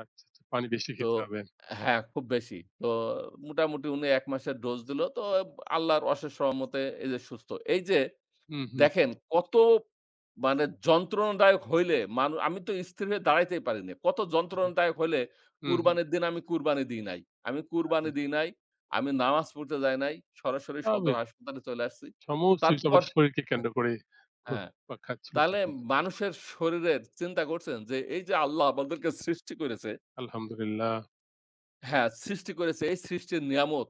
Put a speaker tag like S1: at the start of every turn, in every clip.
S1: আচ্ছা, আচ্ছা, পানি বেশি
S2: তো,
S1: খেতে হবে।
S2: হ্যাঁ খুব বেশি। তো মোটামুটি উনি ১ মাসের ডোজ দিল। তো আল্লাহর অশেষ রহমতে এই যে সুস্থ। এই যে,
S1: হুম, হুম।
S2: দেখেন কত মানে যন্ত্রণাদায়ক হইলে মানু আমি তো স্থির হয়ে দাঁড়াইতেই পারি নাই। কত
S1: আহারে,
S2: যন্ত্রণাদায়ক হইলে
S1: হুম, হুম।
S2: কুরবানির দিন আমি কুরবানি দিই নাই। আমি কুরবানি
S1: আহারে।
S2: দিই নাই, আমি নামাজ পড়তে যাই নাই। সরাসরি সদর
S1: স্বাভাবিক।
S2: হাসপাতালে চলে আসছি।
S1: সমস্তই কিছু
S2: তারপর,
S1: আবার শরীরকে কেন্দ্র করে,
S2: হ্যাঁ,
S1: ঘুরপাক খাচ্ছিল।
S2: তাহলে
S1: [unintelligible]
S2: মানুষের শরীরের চিন্তা করছেন যে, এই যে আল্লাহ আমাদেরকে সৃষ্টি করেছে
S1: আলহামদুলিল্লাহ।
S2: হ্যাঁ, সৃষ্টি করেছে, এই সৃষ্টির নিয়ামত,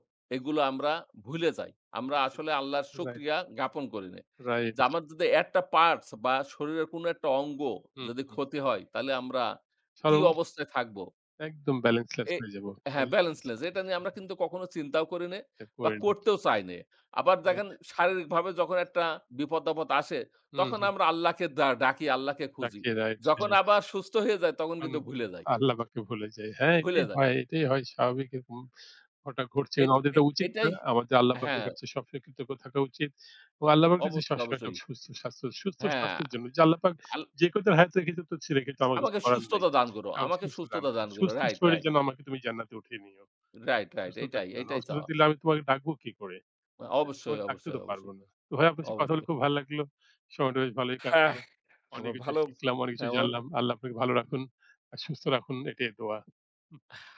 S1: হুম।
S2: এগুলো আমরা ভূইলে যাই। আমরা আসলে আল্লাহর
S1: Right.
S2: শুকরিয়া জ্ঞাপন করি নাই।
S1: Right.
S2: যে আমাদের যে একটা Parts বা শরীরের কোন একটা অঙ্গ,
S1: হুম,
S2: যদি
S1: হুঁ।
S2: ক্ষতি হয় তাহলে আমরা কি
S1: [unintelligible]
S2: অবস্থায় থাকব?
S1: ।একদম Balance less
S2: এ
S1: হয়ে যাব। Balance less.
S2: হ্যাঁ
S1: [unintelligible]
S2: Balance less এটা নিয়ে আমরা কিন্তু কখনো চিন্তাও করি নে
S1: এটা
S2: বা
S1: করিনা।
S2: করতেও চাই নে। আবার দেখেন
S1: Right.
S2: শারীরিকভাবে যখন একটা বিপদ, আপদ আসে
S1: হুম,
S2: তখন
S1: হুম।
S2: আমরা আল্লাহকে ডা ডাকি, আল্লাহকে খুঁজি।
S1: রাখে Right,
S2: যখন
S1: হ্যাঁ।
S2: আবার সুস্থ হয়ে যাই তখন
S1: তখন
S2: কিন্তু ভুলে যাই।
S1: আল্লাহপাককে ভূলে যাই। হ্যাঁ,
S2: ভুলে
S1: এটাই
S2: যাই।
S1: হয় এটাই হয়, স্বাভাবিক এরকম, ঘটা ঘটছে এবং
S2: এট
S1: আমাদের
S2: এ
S1: এটা উচিত না,
S2: এটাই,
S1: আমাদের আল্লাহপাকের
S2: হ্যাঁ।
S1: কাছে সবসময় কৃতজ্ঞ থাকা উচিত, ও আল্লাহপাকের কাছে
S2: অবশ্যই,
S1: সবসময় একটা
S2: অবশ্যই।
S1: সুস্থ স্বাস্থ্য, সুস্থ
S2: হ্যাঁ।
S1: স্বাস্থ্যের জন্য যে, আল্লাহপাক
S2: আল
S1: যে কয় দিন হায়াতে রেখেছো তো রেখেছো কিন্তু আমার কিছু
S2: আমাকে
S1: করার নাই।
S2: সুস্থতা দান করো
S1: আমাকে
S2: আমাকে
S1: সুস্থ দান,
S2: সুস্থতা দান করো।
S1: সুস্থ
S2: Right,
S1: শরীর
S2: right.
S1: যেন আমাকে তুমি জান্নাতে উঠিয়ে নিও।
S2: Right, right।
S1: অসুস্থতা
S2: এটাই,
S1: দিও না,
S2: এটাই
S1: অসুস্থতা
S2: চাওয়া।
S1: দিলে আমি তোমাকে ডাকবো কি করে?
S2: অবশ্যই,
S1: তোমায় ডাকতে
S2: অবশ্যই,
S1: তো পারবো
S2: অবশ্যই।
S1: না। তো ভাই আপনার সাথে কথা বলে
S2: অবশ্যই।
S1: খুব ভাল লাগলো, সময়টা বেশ ভালোই
S2: হ্যাঁ,
S1: কাটলো। অনেক
S2: এবার
S1: কিছু
S2: ভালো,
S1: শিখলাম, অনেক কিছু
S2: হ্যাঁ।
S1: জানলাম।
S2: [unintelligible]
S1: আল্লাহ আপনাকে ভালো রাখুন আর সুস্থ রাখুন এটাই দোয়া।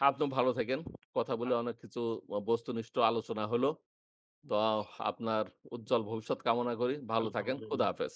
S2: আপনিও ভালো থাকেন। কথা বলে অনেক কিছু বস্তুনিষ্ঠ আলোচনা হল। তো আপনার উজ্জ্বল ভবিষ্যৎ কামনা করি, ভালো থাকেন। খোদা
S1: আলহামদুলিল্লাহ।
S2: হাফেজ।